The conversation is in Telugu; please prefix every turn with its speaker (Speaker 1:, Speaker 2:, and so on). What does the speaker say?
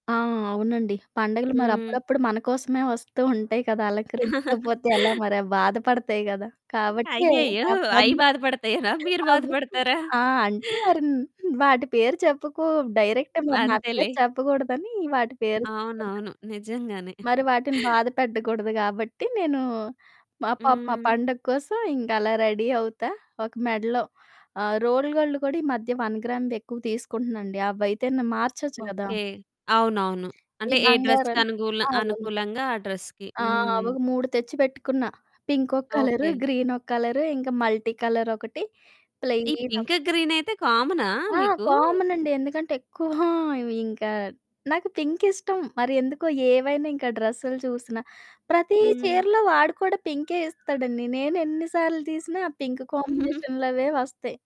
Speaker 1: ఆ! అవునండి. పండుగలు మరి
Speaker 2: హ్మ్.
Speaker 1: అప్పుడప్పుడు మనకోసమే వస్తూ ఉంటాయి కదా! అలంకరించకపోతే ఎలా మరి అవి బాధపడతాయి కదా! కాబట్టి
Speaker 2: అయ్యయ్యో!
Speaker 1: ఆహ్,
Speaker 2: అయి
Speaker 1: పన్
Speaker 2: బాధపడతాయినా మీరు
Speaker 1: అవ్వితుము.
Speaker 2: బాధపడతారా?
Speaker 1: ఆ! అంటే [unintelligible] వాటి పేరు చెప్పుకు డైరెక్ట్
Speaker 2: హ్మ్.
Speaker 1: మరి నా పేరు
Speaker 2: అంతేలే.
Speaker 1: చెప్పకూడదని వాటి పేరు చెప్తున్న.
Speaker 2: అవునవును. నిజంగానే.
Speaker 1: మరి వాటిని బాధ పెట్టకూడదు కాబట్టి నేనూ, మా పాపం ఆ
Speaker 2: హ్మ్.
Speaker 1: పండగ కోసం ఇంక అలా రెడీ అవుతా. ఒక మెడలో ఆహ్, రోల్ గోల్డ్ కూడా ఈ మధ్య వన్ గ్రామ్‌ది ఎక్కువ తీసుకుంటున్నాండి. అవైతేను మార్చొచ్చు గదా!
Speaker 2: ఓకె. అవునవును.
Speaker 1: ఈ
Speaker 2: అంటే ఏ
Speaker 1: బంగారం
Speaker 2: డ్రెస్‌కనుగూల
Speaker 1: అవును.
Speaker 2: అనుకూలంగా ఆ డ్రెస్‌కి.
Speaker 1: ఆ!
Speaker 2: హ్మ్.
Speaker 1: అవొక 3 తెచ్చి పెట్టుకున్న. పింకొక కలరు,
Speaker 2: ఓకె.
Speaker 1: గ్రీనొక కలరు, ఇంకా మల్టీ కలరొకటి,
Speaker 2: ఈ
Speaker 1: ప్లెయినొక
Speaker 2: పింకు, గ్రీనైతే కామనా
Speaker 1: ఆ!
Speaker 2: మీకు?
Speaker 1: కామనండి. ఎందుకంటే ఎక్కువ ఇవి ఇంకా నాకు పింకిష్టం మరి ఎందుకో ఏవైనా ఇంకా డ్రెస్సులు చూసినా, ప్రతి
Speaker 2: హ్మ్.
Speaker 1: చీరలో వాడు కూడా పింకే ఇస్తాడండి. నేనెన్ని సార్లు తీసినా ఆ పింక్ కాంబినేషన్లవే వస్తయి.